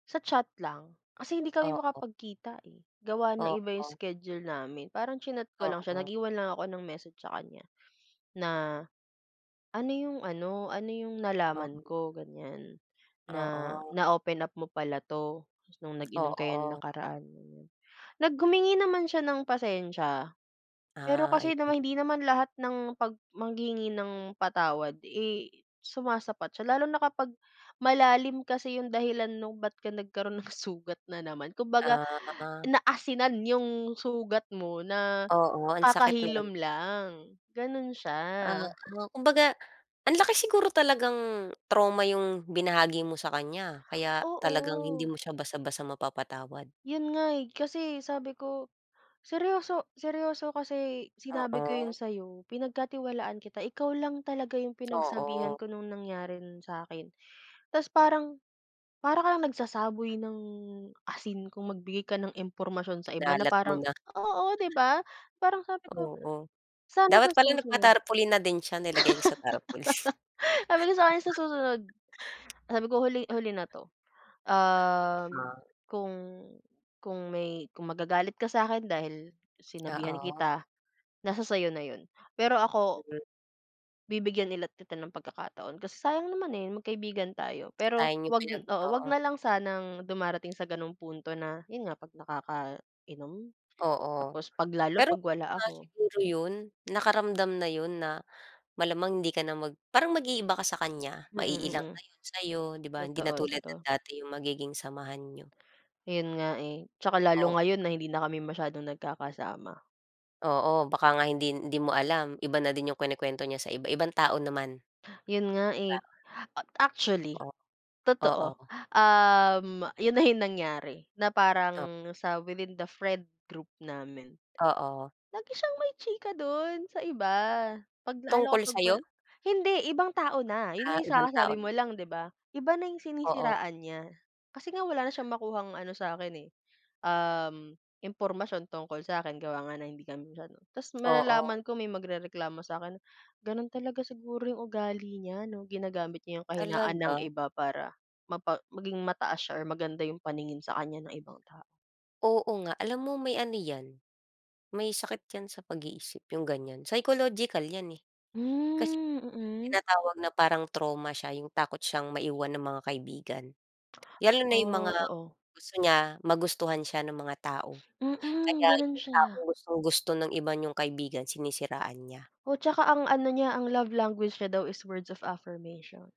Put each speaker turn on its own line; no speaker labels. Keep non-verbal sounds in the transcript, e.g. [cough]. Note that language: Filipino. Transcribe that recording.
Sa chat lang. Kasi hindi kami
Oo.
makapag-kita, eh, gawa ng iba yung
Oo.
schedule namin. Parang chinat ko lang siya,
Oo.
nag-iwan lang ako ng message sa kanya, na ano yung ano, ano yung nalaman
Oo.
ko ganiyan, na
Oo.
na-open up mo pala 'to, nung nag-inom kayo nung
Oo.
nakaraan, ganiyan. Nag humingi naman siya ng pasensiya. Pero
Ah,
kasi naman
ayun.
hindi naman lahat ng pag maghihingi ng patawad, eh, sumasapat siya. Lalo na kapag malalim kasi yung dahilan 'no, ba't ka nagkaroon ng sugat na naman, kumbaga
Ah, a ah.
naasinan yung sugat mo, na
Oo. Ang sakit nun.
kakahilom lang, gano'n siya.
Oo. Kumbaga, ang laki siguro talagang trauma yung binahagi mo sa kanya, kaya talagang hindi
Oo.
mo siya basta-basta mapapatawad.
Yun nga, eh. Kasi sabi ko, seryoso seryoso kasi sinabi ko yun
Oo.
sa'yo, pinagkatiwalaan kita, ikaw lang talaga yung pinagsabihan
Oo.
ko nung nangyaring yun sa akin. Tapos parang, para kang nagsasaboy ng asin kung magbigay ka ng impormasyon sa iba, na
Kinalat mo
parang
na.
oo, di ba? Parang sabi ko,
Oo.
sana sa
Dapat pala
susunod
nagpa-tarpulin na din siya, nilagay niya sa tarpulin.
[laughs] sabi ko sa kanya, sa susunod, sabi ko, huli huli na
[chuckles]
'to. Um,
Ah, sa
kung kung may kung magagalit ka sa'kin dahil sinabihan
Oo.
kita, nasa sa'yo na yun, pero ako
Mhm.
Bibigyan ulit kita ng pagkakataon, kasi sayang naman, eh, magkaibigan tayo. Pero
Sayang yung
'wag
pinag
oo, 'wag
oo.
na lang sanang dumarating sa gano'ng punto na yun nga, 'pag nakakainom,
Oo.
tapos 'pag lalo
Pero
'pag wala
kung wala
ako.
siguro yun, nakaramdam na yun na malamang hindi ka na mag parang mag-iiba ka sa kanya,
Mm,
ma-iilang
mm.
na yun sa'yo, di ba? Hindi na
Totoo,
tulad ng
totoo.
dati yung magiging samahan niyo.
Ayun nga, eh. Tsaka lalo
Op
ngayon na hindi na kami masyadong nagkakasama.
Oo, baka nga hindi, hindi mo alam, iba na din yung kinukuwento niya sa iba, ibang tao naman.
Yun nga,
Di
eh.
ba?
Actually,
O,
totoo.
oo.
Um, yun na yung nangyari, na
Tap
parang sa within the friend group namin.
Oo.
Lagi siyang may chika dun sa iba, 'pag lalo
Tungkol
kapag wala
sa'yo?
hindi, ibang tao na. Yun nga
Ah,
yung sa
ibang tao
kasasabi mo
naman dito.
lang, 'di ba? Iba na yung
Oo.
sinisiraan niya. Kasi nga wala na siyang makuhang ano sa akin, eh, uhm, impormasyon tungkol sa akin, gawa nga na hindi kami masyadong ta's
Oo.
malalaman ko, may magrereklamo sa'kin. Gano'n talaga siguro yung ugali niya ano, ginagamit niya yung kahinaan ng
Talaga?
iba para mapa maging mataas siya or maganda yung paningin sa kanya ng ibang tao.
Oo nga. Alam mo may ano 'yan, may sakit 'yan sa pag-iisip, yung ganiyan. Psychological 'yan, eh. Kasi
Hmm,
yung
mm.
tinatawag na parang trauma siya, yung takot siyang maiwan ng mga kaibigan. Lalo na yung mga
Oh, oo.
gusto niya, magustuhan siya nung mga tao.
Mm,
Kaya
ganun
yung
siya
taong gustong-gusto ng iba niyong kaibigan, sinisiraan niya.
O, tsaka ang ano niya, ang love language niya daw is words of affirmation.